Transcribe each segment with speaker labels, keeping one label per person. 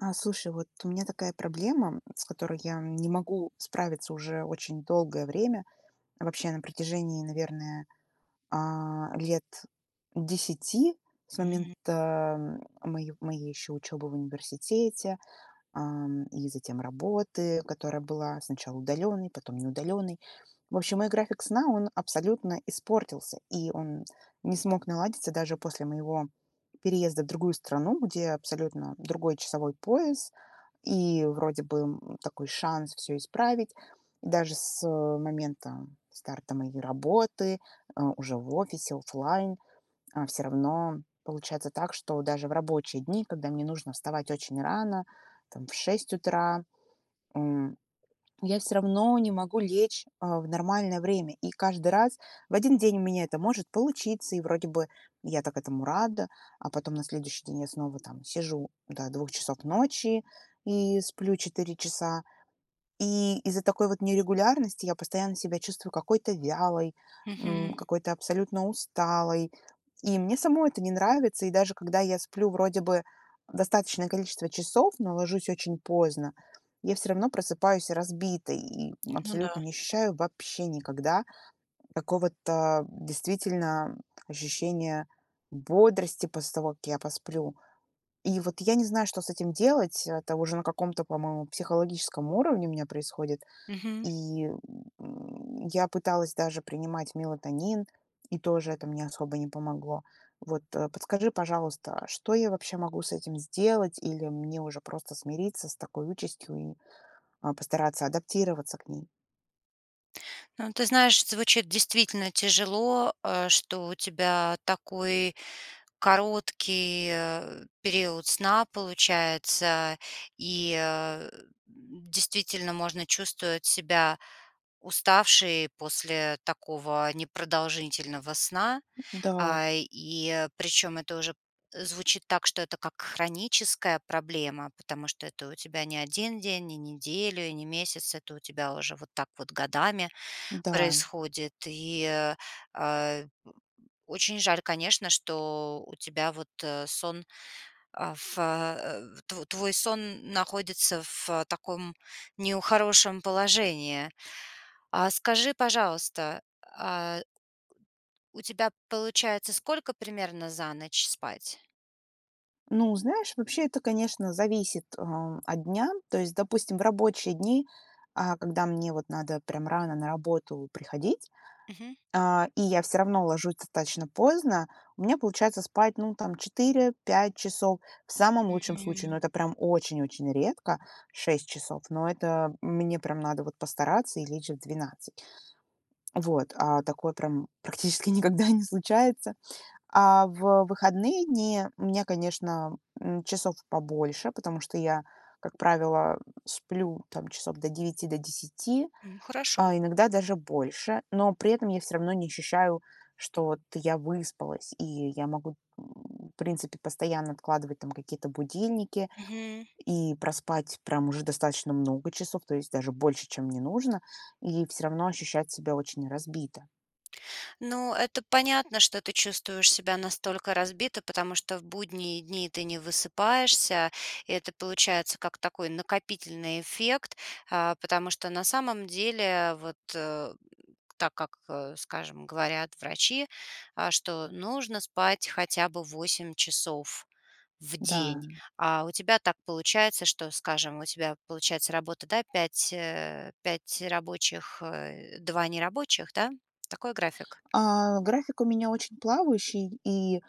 Speaker 1: А, слушай, вот у меня такая проблема, м, с которой я не могу справиться уже очень долгое время. Вообще на протяжении, наверное, а, 10 лет с
Speaker 2: М.
Speaker 1: момента, м, мое моей ещё учёбы в университете, эм, и затем работы, которая была сначала удалённой, потом не удалённой. В общем, мой график сна, он абсолютно испортился, и он не смог наладиться даже после моего переезда в другую страну, где абсолютно другой часовой пояс и вроде бы, м, такой шанс всё исправить, даже с, э, момента старта моей работы, э, уже в офисе, офлайн, а всё равно получается так, что даже в рабочие дни, когда мне нужно вставать очень рано, там, в 6 утра, м, я всё равно не могу лечь, а, в нормальное время. И каждый раз в один день у меня это может получиться, и вроде бы я так этому рада, а потом на следующий день я снова там сижу до 2 часов ночи и сплю 4 часа. И из-за такой вот нерегулярности я постоянно себя чувствую какой-то вялой, м,
Speaker 2: Мгм.
Speaker 1: какой-то абсолютно усталой, и мне самой это не нравится. И даже когда я сплю вроде бы достаточное количество часов, но ложусь очень поздно, я всё равно просыпаюсь разбитой и, м,
Speaker 2: Ну да.
Speaker 1: абсолютно не ощущаю вообще никогда, м, какого-то, а, действительно, м, ощущения бодрости после того, как я посплю. И вот я не знаю, что с этим делать. Это уже на каком-то, по-моему, психологическом уровне у меня происходит.
Speaker 2: Мгм.
Speaker 1: И, м, я пыталась даже принимать мелатонин, и тоже это мне особо не помогло. Вот, а, подскажи, пожалуйста, что я вообще могу с этим сделать или мне уже просто смириться с такой участью и, а, постараться адаптироваться к ней?
Speaker 2: Ну, ты знаешь, звучит действительно тяжело, э, что у тебя такой короткий, э, период сна получается, и, а, действительно можно чувствовать себя уставшей после такого непродолжительного сна.
Speaker 1: Да.
Speaker 2: Э, и причём это уже звучит так, что это как хроническая проблема, потому что это у тебя не 1 день, не неделю и не месяц, это у тебя уже вот так вот годами
Speaker 1: Да.
Speaker 2: происходит. И, э, очень жаль, конечно, что у тебя вот, э, сон, э, в э тво твой сон находится в таком нехорошем положении. А скажи, пожалуйста, а у тебя, получается, сколько примерно за ночь спать?
Speaker 1: Ну, знаешь, вообще это, конечно, зависит, э, от дня. То есть, допустим, в рабочие дни, э, когда мне вот надо прям рано на работу приходить,
Speaker 2: Мгм.
Speaker 1: а, и я всё равно ложусь достаточно поздно, у меня получается спать, ну, там, 4-5 часов в самом
Speaker 2: М
Speaker 1: лучшем случае, но
Speaker 2: м.
Speaker 1: это очень-очень редко 6 часов, но это мне прям надо, вот, постараться и лечь в 12. Вот, а такое прям практически никогда не случается. А в выходные дни у меня, конечно, м, часов побольше, потому что я, как правило, сплю, там, часов до 9, до 10,
Speaker 2: М, хорошо.
Speaker 1: а иногда даже больше, но при этом я всё равно не ощущаю, что вот я выспалась, и я могу, в принципе, постоянно откладывать там какие-то будильники
Speaker 2: Мгм.
Speaker 1: и проспать прям уже достаточно много часов, то есть даже больше, чем мне нужно, и всё равно ощущать себя очень разбито.
Speaker 2: Ну, это понятно, что ты чувствуешь себя настолько разбито, потому что в будние дни ты не высыпаешься. Это получается как такой накопительный эффект, э, потому что на самом деле, вот, так как, э, скажем, говорят врачи, э, что нужно спать хотя бы 8 часов в день.
Speaker 1: Да.
Speaker 2: А у тебя так получается, что, скажем, у тебя получается работа, да, 5, э, 5 рабочих, э, 2 нерабочих, да? Такой график?
Speaker 1: Э, график у меня очень плавающий, и, э,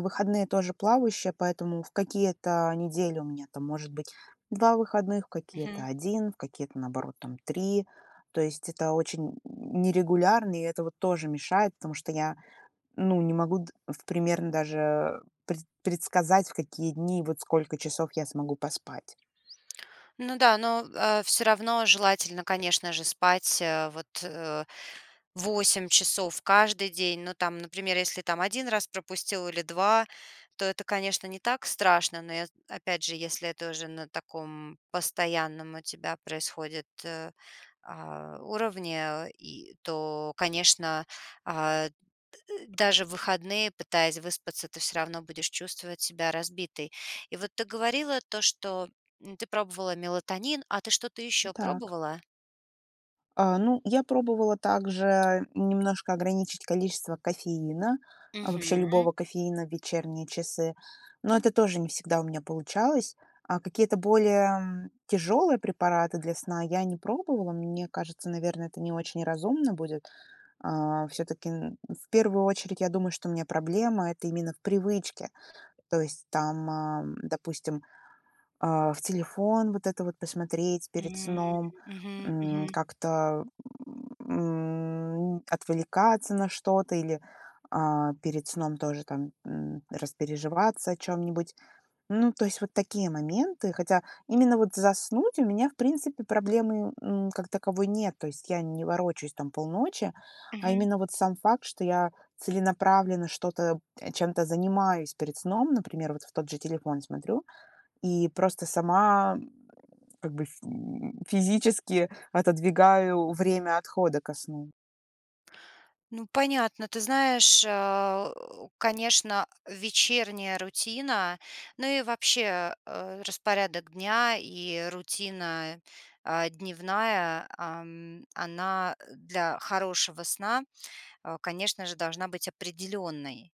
Speaker 1: выходные тоже плавающие, поэтому в какие-то недели у меня, там, может быть, 2 выходных, в какие-то
Speaker 2: Мгм.
Speaker 1: 1, в какие-то, наоборот, там, 3, то есть это очень нерегулярно, и это вот тоже мешает, потому что я, ну, не могу д в примерно даже пред предсказать, в какие дни, вот сколько часов я смогу поспать.
Speaker 2: Ну да, но, а всё равно желательно, конечно же, спать, вот, э, 8 часов каждый день. Ну, там, например, если, там, 1 раз пропустил или 2, то это, конечно, не так страшно, но, я опять же, если это уже на таком постоянном у тебя происходит, э, уровне, э, и то, конечно, э, д даже в выходные, пытаясь выспаться, ты всё равно будешь чувствовать себя разбитой. И вот ты говорила то, что ты пробовала мелатонин, а ты что-то еще
Speaker 1: Так.
Speaker 2: пробовала?
Speaker 1: Э, ну, я пробовала также немножко ограничить количество кофеина, вообще
Speaker 2: Мгм.
Speaker 1: любого кофеина в вечерние часы, но это тоже не всегда у меня получалось. А какие-то более тяжелые препараты для сна я не пробовала. Мне кажется, наверное, это не очень разумно будет. Э, всё-таки, м, в первую очередь я думаю, что у меня проблема- это именно в привычке. То есть, там, а, допустим, э, в телефон вот это вот посмотреть перед
Speaker 2: М,
Speaker 1: сном,
Speaker 2: мгм,
Speaker 1: м,
Speaker 2: мгм.
Speaker 1: как-то, м, отвлекаться на что-то или, э, перед сном тоже там, м, распереживаться о чём-нибудь. Ну, то есть вот такие моменты. Хотя именно вот заснуть у меня, в принципе, проблемы, м, ну, как таковой нет, то есть я не ворочусь, там, полночи, а
Speaker 2: Мгм.
Speaker 1: именно вот сам факт, что я целенаправленно что-то чем-то занимаюсь перед сном, например, вот в тот же телефон смотрю, и просто сама, м, как бы, ф м, физически отодвигаю время отхода ко сну.
Speaker 2: Ну, понятно. Ты знаешь, э, конечно, вечерняя рутина, ну и вообще, а, э, распорядок дня и рутина, а, дневная, ам, она, а, для хорошего сна, а, конечно же, должна быть определённой.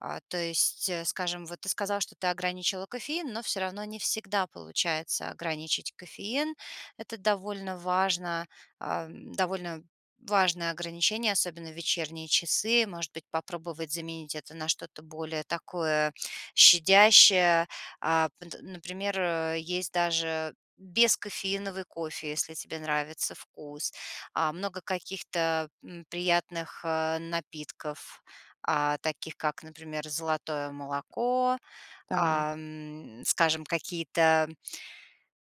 Speaker 2: А, то есть, скажем, вот ты сказала, что ты ограничила кофеин, но всё равно не всегда получается ограничить кофеин. Это довольно важно, эм, довольно важное ограничение, особенно в вечерние часы. Может быть, попробовать заменить это на что-то более такое щадящее, а, пт например, э, есть даже бескофеиновый кофе, если тебе нравится вкус, а, много каких-то, м, приятных, а, напитков, а, таких как, например, золотое молоко,
Speaker 1: Так.
Speaker 2: ам, скажем, какие-то, эм,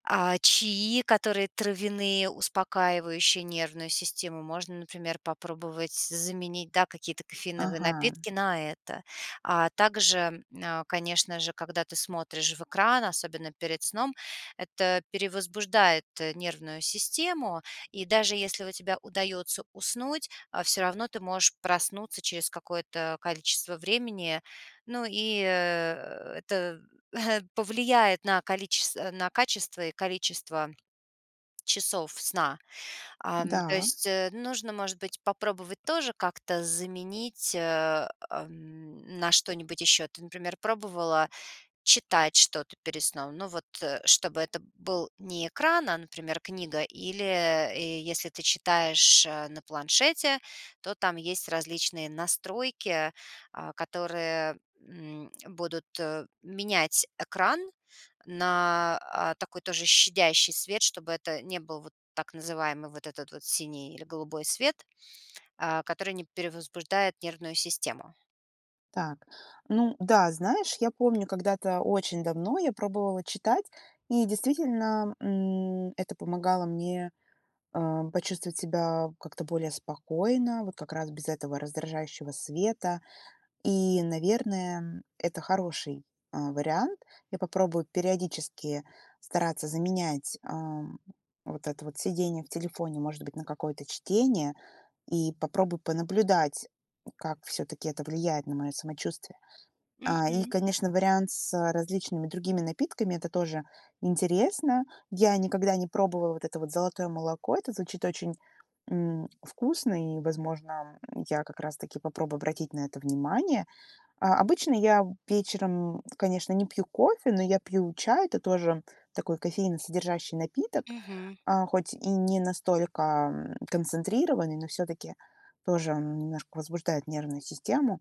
Speaker 2: а, чаи, которые травяные, успокаивающие нервную систему, можно, например, попробовать заменить, да, какие-то кофеиновые
Speaker 1: Ага.
Speaker 2: напитки на это. А также, м, а, конечно же, когда ты смотришь в экран, особенно перед сном, это перевозбуждает нервную систему, и даже если у тебя удаётся уснуть, а, всё равно ты можешь проснуться через какое-то количество времени. Ну и, э, это повлияет на количес на качество и количество часов сна. Ам, то
Speaker 1: Да.
Speaker 2: есть, э, нужно, может быть, попробовать тоже как-то заменить, э, эм, на что-нибудь ещё. Ты, например, пробовала читать что-то перед сном? Ну, вот, э, чтобы это был не экран, а, например, книга или, э, если ты читаешь на планшете, то там есть различные настройки, а, которые, м, будут, э, менять экран на, а, такой тоже щадящий свет, чтобы это не был вот так называемый вот этот вот синий или голубой свет, а, который не перевозбуждает нервную систему.
Speaker 1: Так, ну да, знаешь, я помню когда-то очень давно я пробовала читать, и действительно, м, это помогало мне, а, почувствовать себя как-то более спокойно, вот как раз без этого раздражающего света. И, наверное, м, это хороший, а, вариант. Я попробую периодически стараться заменять, ам, вот это вот сидение в телефоне, может быть, на какое-то чтение, и попробую понаблюдать, м, как всё-таки это влияет на моё самочувствие. А, и,
Speaker 2: Мгм.
Speaker 1: конечно, вариант с различными другими напитками- это тоже интересно. Я никогда не пробовала вот это вот золотое молоко. Это звучит очень, м, вкусно, и, возможно, м, я как раз-таки попробую обратить на это внимание. А обычно я вечером, м, конечно, не пью кофе, но я пью чай. Это тоже такой кофеиносодержащий напиток,
Speaker 2: Мгм.
Speaker 1: а, хоть и не настолько, ам, концентрированный, но всё-таки тоже он немножко возбуждает нервную систему.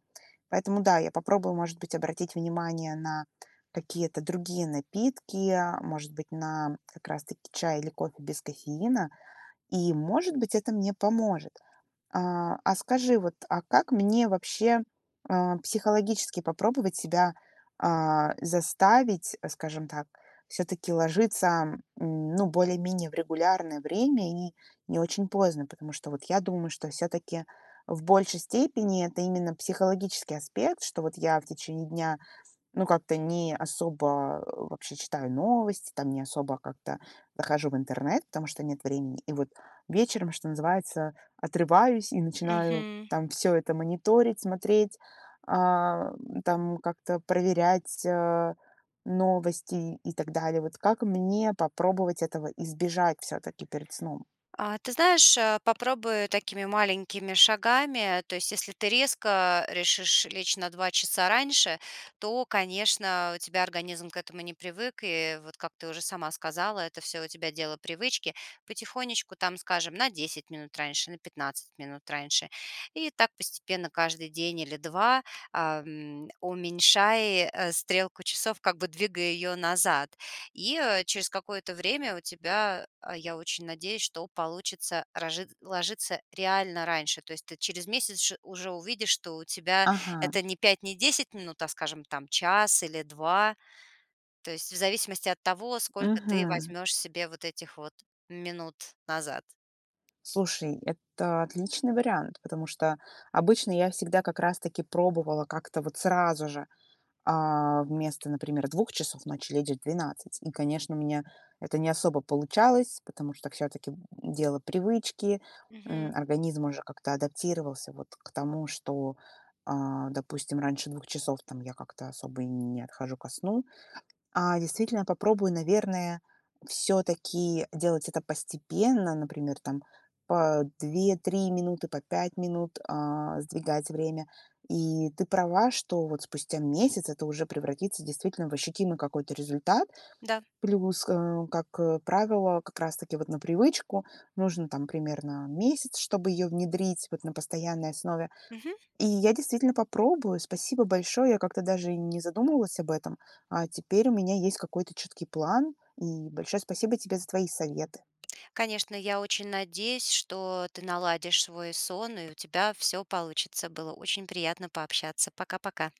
Speaker 1: Поэтому, да, я попробую, может быть, обратить внимание на какие-то другие напитки, а может быть, на как раз таки чай или кофе без кофеина, и, может быть, это мне поможет. А, а скажи, вот, а как мне вообще, а, психологически попробовать себя, а, заставить, скажем так, всё-таки ложиться, а, м, ну, более-менее в регулярное время и не очень поздно, потому что вот я думаю, что всё-таки в большей степени это именно психологический аспект, что вот я в течение дня, ну, как-то не особо вообще читаю новости, там, не особо как-то захожу в интернет, потому что нет времени. И вот вечером, что называется, отрываюсь и начинаю,
Speaker 2: Мгм.
Speaker 1: там, всё это мониторить, смотреть, ам, там, как-то проверять, а, новости и, и так далее. Вот как мне попробовать этого избежать всё-таки перед сном?
Speaker 2: А ты знаешь, а, попробуй такими маленькими шагами. То есть, если ты резко решишь лечь на 2 часа раньше, то, конечно, у тебя организм к этому не привык, и, вот, как ты уже сама сказала, это всё у тебя дело привычки, потихонечку, там, скажем, на 10 минут раньше, на 15 минут раньше. И так постепенно каждый день или 2, ам, уменьшай, э, стрелку часов, как бы двигай ее назад. И, э, через какое-то время у тебя, а, я очень надеюсь, что получится рожит ложиться реально раньше. То есть ты через месяц ш уже увидишь, что у тебя
Speaker 1: Ага.
Speaker 2: это не 5, не 10 минут, а, скажем, там, час или 2. То есть в зависимости от того, сколько ты
Speaker 1: Мгм.
Speaker 2: возьмешь себе вот этих вот минут назад.
Speaker 1: Слушай, это уотличный вариант, потому что обычно я всегда как раз таки пробовала как-то вот сразу же, а, вместо, например, 2 часов ночи лечь в 12. И, конечно, у меня это не особо получалось, потому что всё-таки, м, дело привычки, м,
Speaker 2: Мгм.
Speaker 1: организм уже как-то адаптировался вот к тому, что, а, допустим, раньше 2 часов, там, я как-то особо и не отхожу ко сну. А действительно попробую, наверное, всё-таки делать это постепенно, например, там, по 2-3 минуты, по 5 минут, а, сдвигать время. И ты права, что вот спустя месяц это уже превратится действительно в ощутимый какой-то результат,
Speaker 2: Да.
Speaker 1: плюс кэ как правило, как раз-таки вот на привычку нужно, там, примерно месяц, чтобы её внедрить, вот, на постоянной основе.
Speaker 2: Мгм.
Speaker 1: И я действительно попробую. Спасибо большое. Я как-то даже и не задумывалась об этом. А теперь у меня есть какой-то четкий план, и большое спасибо тебе за твои советы.
Speaker 2: Конечно, я очень надеюсь, что ты наладишь свой сон и у тебя всё получится. Было очень приятно пообщаться. Пока-пока.